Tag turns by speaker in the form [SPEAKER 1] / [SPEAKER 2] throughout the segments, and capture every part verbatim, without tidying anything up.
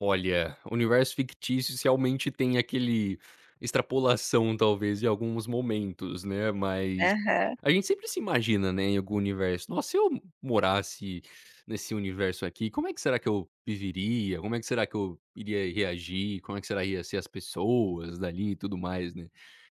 [SPEAKER 1] Olha, universo fictícios realmente tem aquele extrapolação talvez em alguns momentos, né, mas,
[SPEAKER 2] Aham.
[SPEAKER 1] a gente sempre se imagina, né, em algum universo, nossa se eu morasse nesse universo aqui, como é que será que eu viveria? Como é que será que eu iria reagir? Como é que será ia ser as pessoas dali e tudo mais, né.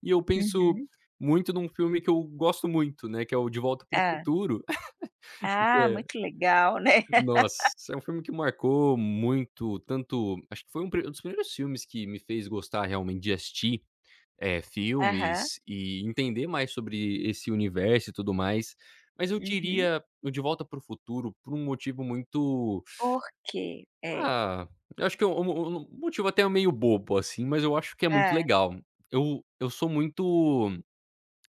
[SPEAKER 1] E eu penso
[SPEAKER 2] Uhum.
[SPEAKER 1] muito num filme que eu gosto muito, né, que é o De volta para o
[SPEAKER 2] Hã.
[SPEAKER 1] futuro.
[SPEAKER 2] Ah,
[SPEAKER 1] É.
[SPEAKER 2] muito legal, né.
[SPEAKER 1] Nossa, é um filme que marcou muito tanto, acho que foi um, um dos primeiros filmes que me fez gostar realmente de assistir, eh,
[SPEAKER 2] Aham.
[SPEAKER 1] filmes e entender mais sobre esse universo e tudo mais. Mas eu
[SPEAKER 2] Uhum.
[SPEAKER 1] diria, o De volta para o futuro por um motivo muito,
[SPEAKER 2] Por quê? É.
[SPEAKER 1] ah, eu acho que, o mo o mo motivo até meio bobo assim, mas eu acho que é muito
[SPEAKER 2] Hã.
[SPEAKER 1] legal. Eu eu sou muito,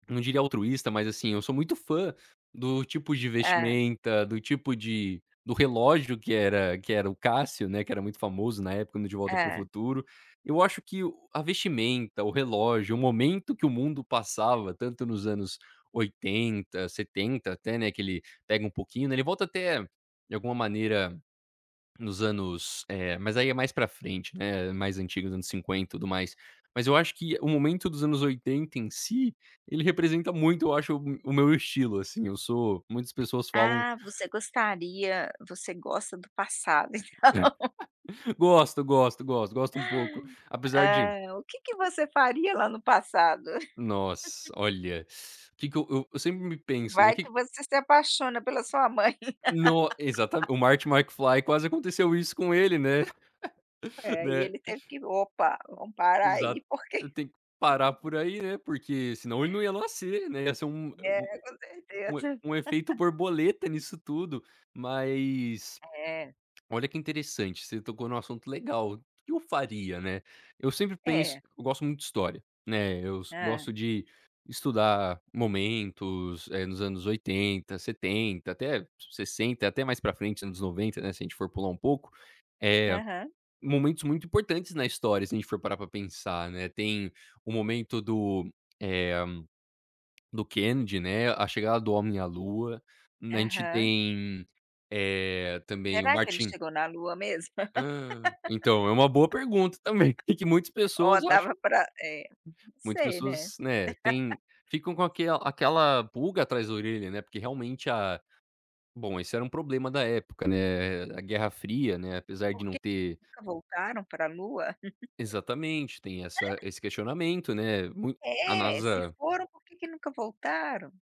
[SPEAKER 1] não diria altruísta mas assim, eu sou muito fã do tipo de
[SPEAKER 2] Hã.
[SPEAKER 1] vestimenta, do tipo de do relógio que era que era o Cássio, né, que era muito famoso na época no De volta para o
[SPEAKER 2] Hã.
[SPEAKER 1] futuro. Eu acho que o a vestimenta, o relógio, o momento que o mundo passava tanto nos oitenta, setenta, até né, que ele pega um pouquinho, né, ele volta até, de alguma maneira, nos anos, eh, mas aí é mais pra frente, né, mais antigos, anos cinquenta e tudo mais. Mas eu acho que o momento dos anos oitenta em si, ele representa muito eu acho o o meu estilo assim eu sou, muitas pessoas falam
[SPEAKER 2] Ah, você gostaria você gosta do passado então.
[SPEAKER 1] É, ah, gosto, gosto, gosto, gosto um pouco, apesar de
[SPEAKER 2] Ah, o que que você faria lá no passado?
[SPEAKER 1] Nossa, olha. Que que eu eu sempre me penso,
[SPEAKER 2] Vai
[SPEAKER 1] que
[SPEAKER 2] que você se apaixona pela sua mãe.
[SPEAKER 1] No exata o Marty Macfly, quase aconteceu isso com ele, né,
[SPEAKER 2] É, e
[SPEAKER 1] né.
[SPEAKER 2] ele teve que: "Opa! Vamos parar aí,
[SPEAKER 1] Exato,
[SPEAKER 2] porque
[SPEAKER 1] eu tenho que parar por aí, né. Porque senão ele não ia nascer, né. Ia ser um,
[SPEAKER 2] É, com
[SPEAKER 1] um e
[SPEAKER 2] certeza.
[SPEAKER 1] um efeito borboleta nisso tudo. Mas,
[SPEAKER 2] É.
[SPEAKER 1] olha que interessante, você tocou num assunto legal, o que eu faria, né? Eu sempre penso
[SPEAKER 2] É.
[SPEAKER 1] eu gosto muito de história, né. Eu
[SPEAKER 2] Hã.
[SPEAKER 1] gosto de estudar momentos, nos anos oitenta, setenta, até sessenta, até mais pra frente, anos noventa, né. Se a gente for pular um pouco, eh,
[SPEAKER 2] Aham.
[SPEAKER 1] momentos muito importantes na história, se a gente for parar pra pensar, né, tem o momento do, eh, do Kennedy, né, a chegada do homem à lua, a gente
[SPEAKER 2] Aham.
[SPEAKER 1] tem, eh, também o
[SPEAKER 2] Será que ele
[SPEAKER 1] Martin
[SPEAKER 2] chegou na lua mesmo?
[SPEAKER 1] Hã. Então, é uma boa pergunta também, que muitas pessoas
[SPEAKER 2] Olha dava
[SPEAKER 1] acham, que
[SPEAKER 2] pra eh, não
[SPEAKER 1] muitas
[SPEAKER 2] sei
[SPEAKER 1] pessoas acham,
[SPEAKER 2] né.
[SPEAKER 1] muitas pessoas né, têm, ficam com aquele aquela pulga atrás da orelha, né, porque realmente a bom esse era um problema da época, né, eh, a guerra fria, né, apesar de
[SPEAKER 2] Por
[SPEAKER 1] não
[SPEAKER 2] que
[SPEAKER 1] ter
[SPEAKER 2] nunca voltaram pra lua?
[SPEAKER 1] Exatamente, tem essa esse questionamento, né, mui a
[SPEAKER 2] É, se
[SPEAKER 1] NASA
[SPEAKER 2] foram, por que que nunca voltaram?